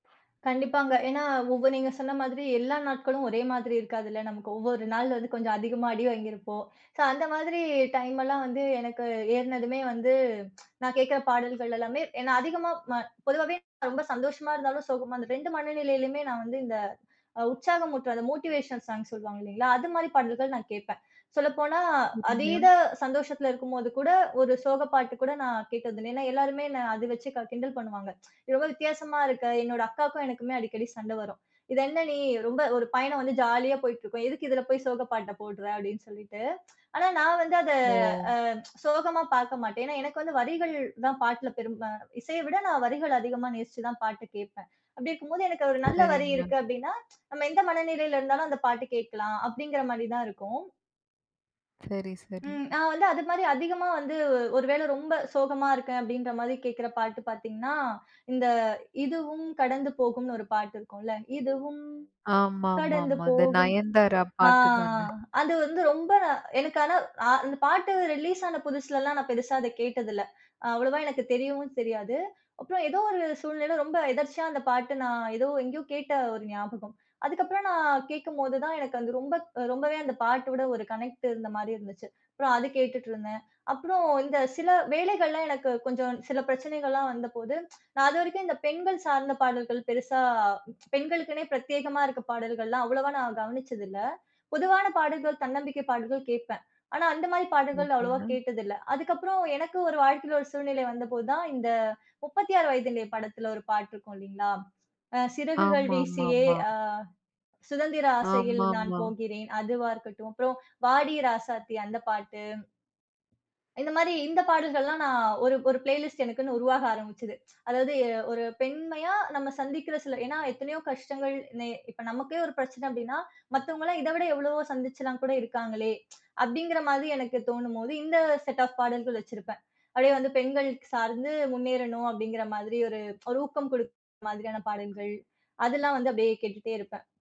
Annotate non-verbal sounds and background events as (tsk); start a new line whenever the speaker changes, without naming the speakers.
கண்டிப்பாங்க. ஏன்னா, உப நீங்க சொன்ன மாதிரி, எல்லா நாட்களும் ஒரே மாதிரி இருக்காதுல்ல நமக்கு. ஒவ்வொரு நாள் வந்து கொஞ்சம் அதிகமா அடி வாங்கியிருப்போம். ஸோ, அந்த மாதிரி டைம் எல்லாம் வந்து எனக்கு ஏறுனதுமே வந்து, (tsk) நான் கேக்குற பாடல்கள் எல்லாமே என்ன அதிகமா ம பொதுவாவே (unintelligible) ரொம்ப சந்தோஷமா இருந்தாலும், சோகமா அந்த 2 மனநிலையிலுமே நான் வந்து இந்த அ உற்சாகம் ஊட்டுற, அந்த மோட்டிவேஷன் சாங்க் சொல்லுவாங்க இல்லைங்களா, அது மாதிரி பாடல்கள் நான் கேப்பேன். சொல்லப்போனா, அதீத
(unintelligible)
சந்தோஷத்துல இருக்கும் போது கூட ஒரு சோக பாட்டு கூட நான் கேட்டது இல்ல. ஏன்னா, எல்லாருமே என்னை அத வச்சு க கிண்டல் பண்ணுவாங்க. ரொம்ப வித்தியாசமா இருக்க என்னோட அக்காக்கும், எனக்குமே அடிக்கடி சண்டை வரும். "இது என்ன நீ?" ரொம்ப ஒரு பயணம் வந்து ஜாலியா போயிட்டு இருக்கும். "எதுக்கு இதுல போய் சோக பாட்ட போட்ற?" அப்படின்னு சொல்லிட்டு. ஆனா, நான் வந்து அத
ஓ!
அ சோகமா பார்க்க மாட்டேன். ஏன்னா, எனக்கு வந்து வரிகள் தான் பாட்டுல பெரும்பா இசைய விட நான் வரிகள அதிகமா நேசிச்சு தான் பாட்டு கேப்பேன். அப்படி இருக்கும் போது, எனக்கு ஒரு நல்ல வரி
சரிங்க.
இருக்கு, அப்படினா, "நம்ம எந்த மனநிலையில இருந்தாலும் அந்த பாட்டு கேட்கலாம்!" அப்படிங்கிற மாரி தான் இருக்கும்.
சரி, சரி.
ம். நான் வந்து அது மாதிரி அதிகமா வந்து ஒரு வேளை ரொம்ப சோகமா இருக்கேன், அப்படின்ற மாதிரி கேக்குற பாட்டு பாத்தீங்கன்னா, இந்த இதுவும் கடந்து போகும்னு ஒரு பாட்டு இருக்கும்ல. இதுவும் கடந்து
ஆமாமாமா, இந்த
போகும்.
நயன்தாரா
அ
பாட்டு தான?
அது வந்து ரொம்ப நா எனக்கு ஆனா அ அந்த பாட்டு ரிலீஸ் ஆன புதுசுலல்லாம், நான் பெருசா அத கேட்டதில்ல. அவ்வளவா எனக்கு தெரியவும் தெரியாது. அப்புறம் ஏதோ ஒரு சூழ்நிலையில, ரொம்ப எதேர்ச்சியா அந்த பாட்டு நான் ஏதோ எங்கயோ கேட்ட ஒரு ஞாபகம். அதுக்கப்புறம், நான் கேக்கும்போதுதான் எனக்கு அது ரொம்ப க் ரொம்பவே அந்த பாட்டோட ஒரு கனெக்ட் இருந்த மாதிரி இருந்துச்சு. அப்புறம் அது கேட்டுட்டு இருந்தேன். அப்புறம் இந்த சில வேலைகள்ல எனக்கு கொஞ்சம் சில பிரச்சனைகள்லாம் வந்தபோது, நான் அதுவரைக்கும் இந்த பெண்கள் சார்ந்த பாடல்கள் பெருசா பெண்களுக்குனே பிரத்யேகமா இருக்க பாடல்கள்ல்லாம், அவ்வளவா நான் கவனிச்சது இல்ல. பொதுவான பாடல்கள், தன்னம்பிக்கை பாடல்கள் கேப்பேன். ஆனா அந்த மாதிரி பாடல்கள் அவ்வளவா
ஓகேங்க.
கேட்டதில்லை. அதுக்கப்புறம், எனக்கு ஒரு வாழ்க்கையில ஒரு சூழ்நிலை வந்தபோது தான், இந்த 36 வயதினிலே படத்தில ஒரு பாட்டு இருக்கும் இல்லைங்களா, அ "சிறகுகள் வீசியே
ஆமாமாமா.
அ சுதந்திர ஆசையில் நான்
ஆமாமா.
போகிறேன்" அதுவா இருக்கட்டும். அப்புறம், "வாடி ராசாத்தி" அந்த பாட்டு. இந்த மாதிரி இந்த பாடல்கள்லாம், நான் ஒரு ஒரு பிளேலிஸ்ட் எனக்குன்னு உருவாக ஆரம்பிச்சது. அதாவது, எ ஒரு பெண்மையா நம்ம சந்திக்கிற சில ஏன்னா, எத்தனையோ கஷ்டங்கள் நே இப்ப நமக்கே ஒரு பிரச்சனை அப்படினா, "மத்தவங்கல்லாம் இத விட எவ்வளவோ சந்திச்சுலாம் கூட இருக்காங்களே!" அப்படிங்கிற மாதிரி, எனக்கு தோணும் போது இந்த செட் ஆஃப் பாடல்கள் வச்சிருப்பேன். அப்படியே வந்து பெண்களுக்கு சார்ந்து முன்னேறணும் அப்படிங்கிற மாதிரி, ஒரு ஒரு ஊக்கம் கொடுக்குற மாதிரியான பாடல்கள், அதெல்லாம் வந்து அப்படியே கேட்டுகிட்டே இருப்பேன்.